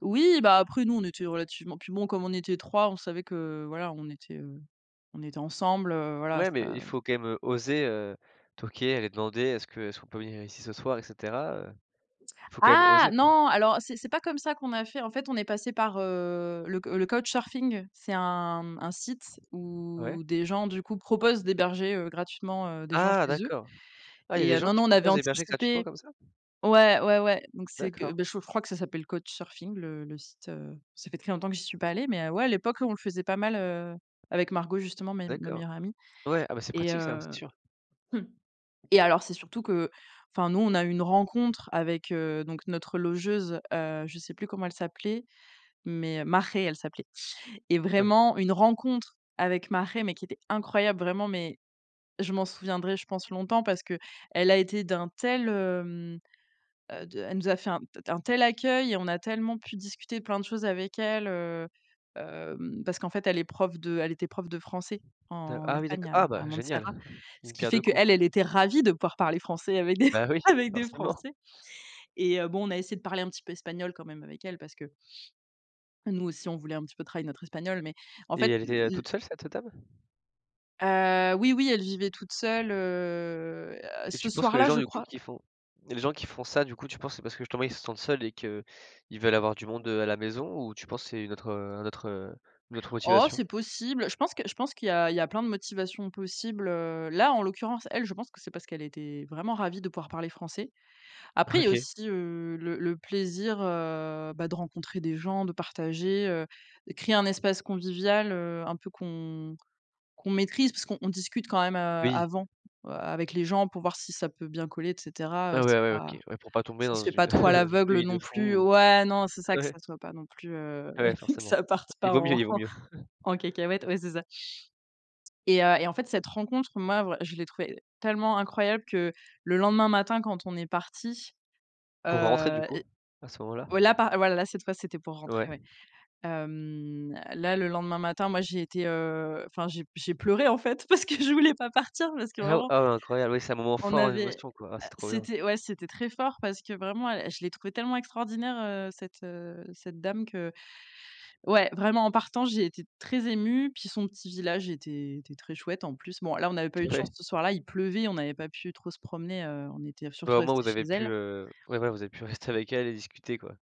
Oui, bah, après nous, on était relativement puis bon, comme on était 3 on savait que voilà, on était, heu, on était ensemble, heu, voila, Ouais mais il ça faut quand même, heu, oser, heu, toquer aller demander est-ce que est-ce qu'on peut venir ici ce soir et cetera, heu, il faut quand même Ah oser, quoi. non, alors c'est c'est pas comme ça qu'on a fait, en fait, on est passé par, heu le le CouchSurfing c'est un, mmh, un site Ouais. où des gens, du coup, proposent d'héberger, heu, gratuitement, heu, des gens Ah chez eux d'accord, ah, il y a et des heu, gens non, qui non, on avait proposent d'héberger gratuitement anticipé. comme ça? Ouais, ouais, ouais, donc c'est que, D'accord. bah, je je crois que ça s'appelle CouchSurfing, le le site, heu, ça fait très longtemps que j'y suis pas allée, mais heu, ouais, à l'époque, on le faisait pas mal, heu, avec Margot justement mes ma D'accord, meilleure amie. ouais, ah bah, c'est Et pratique ça, ouais, c'est heu, sûr. mmh et alors, c'est surtout que, enfin, nous, on a eu une rencontre avec heu, donc notre logeuse, heu, je sais plus comment elle s'appelait, mais Marhé elle s'appelait. Et vraiment une rencontre avec Marhé mais qui était incroyable vraiment mais, je m'en souviendrai, je pense longtemps parce qu'elle a été d'un tel hem, heu de elle nous a fait un tel un tel accueil et on a tellement pu discuter plein de choses avec elle heu, hem, parce qu'en fait, elle est prof de elle était prof de français Da en Ah oui, d'accord. Espagne à Ah à bah, Montserrat, génial, ce d'1 qui pierre fait 2 coups. qu'elle elle était ravie de pouvoir parler français avec des Ben oui, avec des forcément. Français. Et heu, bon on a essayé de parler un petit peu espagnol quand même avec elle parce que nous aussi, on voulait un petit peu travailler notre espagnol mais, en Et fait, heu, elle était le le toute seule cette, heu, dame? Heu, oui, oui, elle vivait toute seule heu, Et ce tu penses que les soir-là, gens, je du coup, crois qui font les gens qui font ça, du coup, tu penses que c'est parce que, justement, ils se sentent seuls et qu'ils veulent avoir du monde, heu, à la maison ou tu penses c'est une autre, heu, un autre, heu, une autre Oh motivation? c'est possible, je pense que je pense qu'il y a il y a plein de motivations possibles, heu, là, en l'occurrence, elle, je pense que c'est parce qu'elle était vraiment ravie de pouvoir parler français. Après, il y a OK. aussi heu, le le plaisir, heu, bah, de rencontrer des gens, de partager, heu, créer un espace convivial, heu, un peu qu'on qu'on maîtrise parce qu'on discute quand même, heu, Oui. avant avec les gens pour voir si ça peut bien coller, et cetera, heu, Ah ouais, c'est ouais, ouais, pas OK, ouais, pour pas tomber ça dans se fait une pas trop à dans une l'aveugle, heu, famille de non plus, heu, fou. ouais, non, c'est ça, que Ouais. ça soit pas plus, heu, Ouais que forcément, ça parte il pas vaut mieux, en il vaut mieux. en cacahuète. Ouais, c'est ça et heu, et en fait, cette rencontre, moi, je l'ai trouvée tellement incroyable que le lendemain matin, quand on est parti, Pour rentrer, heu, du coup, à ce moment-là? ouais, là, par ouais, là cette fois, c'était pour rentrer, Ouais. ouais. Hem, là, le lendemain matin, moi, j'étais, heu, enfin, j'ai j'ai j'ai pleuré, en fait, parce que je voulais pas partir, parce que Ah! vraiment Ah! Incroyable, oui, c'est un moment on fort en avait émotion quoi, ah, c'est trop bien. c'était, ouais, c'était très fort parce que vraiment, elle, je l'ai trouvé tellement extraordinaire, heu, cette heu, cette dame qu'ouais, vraiment, en partant, j'ai été très émue puis son petit village était était très chouette, en plus. Bon, là, on avait pas eu de chance Ouais. ce soir-là, il pleuvait, on avait pas pu trop se promener, heu, on était surtout Vraiment, resté vous chez avez pu, elle. heu, ouais, ouais, vous avez pu rester avec elle et discuter, quoi.